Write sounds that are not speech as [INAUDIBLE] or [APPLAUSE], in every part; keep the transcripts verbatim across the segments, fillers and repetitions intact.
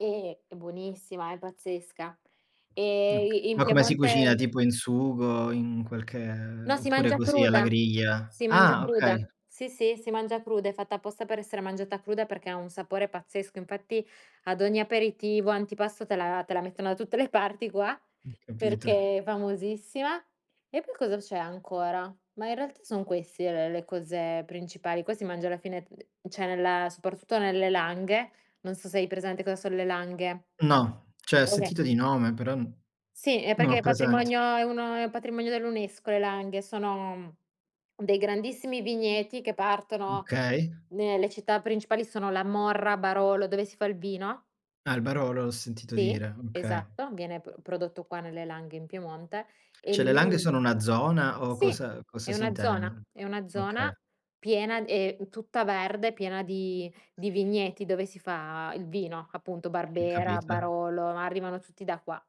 E, è buonissima, è pazzesca. Ok E i in ma come si cucina Piemonte tipo in sugo, in qualche No, si oppure mangia così alla cruda. griglia? Si mangia Ah, cruda. okay. Sì, sì, mangia cruda, è fatta apposta per essere mangiata cruda, perché ha un sapore pazzesco. Infatti ad ogni aperitivo, antipasto te la te la mettono da tutte le parti qua Ho capito. perché è famosissima. E poi cosa c'è ancora? Ma in realtà son queste le cose principali, qua si mangia alla fine uhm, ceh nella soprattutto nelle langhe non so se hai presente cosa son le langhe. No, ceh ho sentito di [UNINTELLIGIBLE] nome, però n Sì, è non l'ho perché è presente. patrimonio è uno è patrimonio dell'UNESCO le langhe, sono dei grandissimi vigneti, che Mh, partono kay. nelle città principali sono La Morra, Barolo, dove si fa il vino. Ah, il Barolo l'ho sentito Sì, dire, okay. esatto, viene pr prodotto qua nelle langhe in Piemonte e ceh le langhe lì sono una zona, o Sì, cosa è cosa si una zona, intende? è una zona Oka piena e tutta verde, piena di di vigneti dove si fa il vino, appunto Capit Barbera, Barolo, arrivano tutti da qua.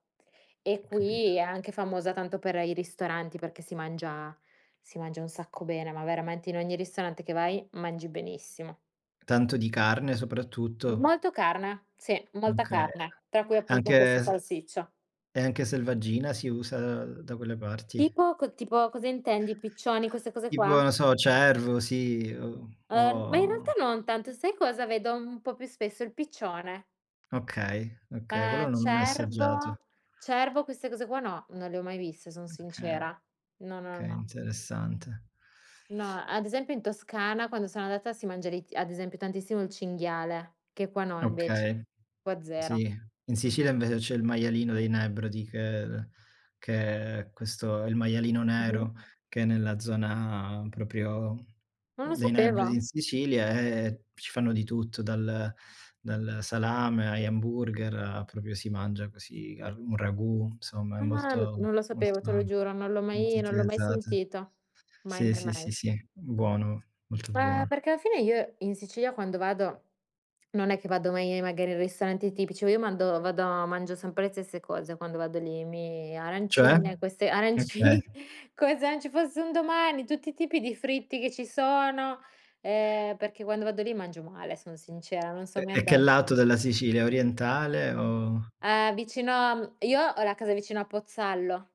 E Ho qui, capito. è anche famosa tanto per i ristoranti, perché si mangia si mangia un sacco bene, ma veramente in ogni ristorante che vai mangi benissimo. Tanto di carne soprattutto? Molto carna, sì, molta Okay. carne, tra cui appunto Anche questa s salsiccia. e anche selvaggina si usa da quelle parti? Tipo co tipo cosa intendi, i piccioni queste cose Tipo, qua? non so, cervo, sì o Uhm, ma in realtà o non tanto, sai cosa vedo un po' più spesso, il piccione. Okay, okay quello Eh non l'ho mai cervo assaggiato. cervo queste cose qua no, non le ho mai viste, sono Okay, sincera. No, no, kay, no. interessante. No, ad esempio in Toscana, quando sono andata si mangia [UNINTELLIGIBLE] ad esempio tantissimo il cinghiale, che qua no invece, Okay, qua sì, zero. in Sicilia Mh-mh. invece c'è il maialino dei Nebrodi, che che è questo il maialino Mh-mh. nero, che è nella zona propio Non lo dei Nebrodi sopeva. in Sicilia, e ci fanno di tutto, dal dal salame, agli hamburger, propio si mangia così al un ragù insomma, è Ah, molto non lo sapevo, te lo [UNINTELLIGIBLE] giuro, non l'ho molto mai non l'ho mai utilizzata. sentito. Mai, Sì, mai, sì, sì, mai. sì, buono, molto Beh, buono. perché alla fine, io in Sicilia quando vado non è che vado mai magari in ristoranti tipici, io mando vado mangio sempre le stesse cose, quando vado lì, mi Cioè? arancine, queste Okay. arancini come se non ci fosse un domani, tutti i tipi di fritti che ci sono, ehm, perché quando vado lì mangio male, son sincera non E son mi e che andata lato della Sicilia? Orientale Mh o uhm, vicino a m io ho la casa vicino a Pozzallo.